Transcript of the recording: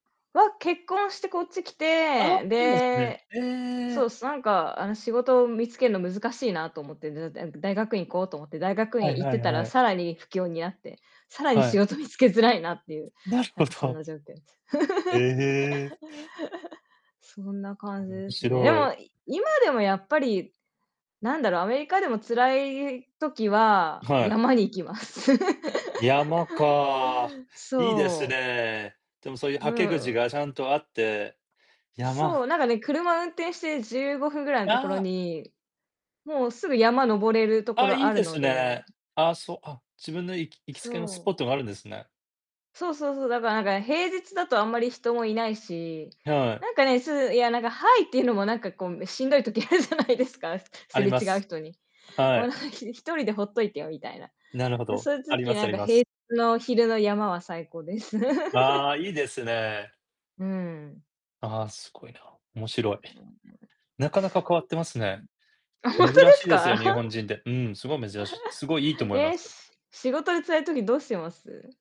わ、結婚してこっち来ああて、で、そう、なんか、あの仕事を見つけるの難しいなと思ってずっとえん大学院行こうと思って大学は院い-行っはていたはらい。さらに不況に遭って、さらには仕い。事見つけづらいなっていう。なるなほんかそんど。な状況です。へえ。そんな感じ面ですね。で白い。も今でもやっぱり、なんだろう、アメリカでも辛い時ははい。山に行きます。山か。いいですそう。ね。でもそういうう捌け口ん。がちゃんとあって、山そう、なんかね、車運転して15分ぐらいのところああ。にもう、すぐ山登れるとあこあ、ろいいあるですのね。でああ、そう、あ、自分のいき行きつけのスそポう。ットがあるんですね。そうそうそう、だからなんか平日だとあんまり人もいないし、はい。なんかね、すう、いやなんかハイっていうのもなんかこうしんどい時あるじゃないですか、あすりれま違うす。人に。はもうない。ん1人でほっといてよみたいな。なるほど、そういうあり時ますなあんりかます。平つの昼の山は最高です。あ あ、いいですね。うん。ああ、すごいな。面白い。なかなか変わってますね。あ、ほん珍とでしすいですか？よ日本 人で。うん、すごい珍しい、すごいいいと 思いまえ、す。し仕事で辛い時どうしてます？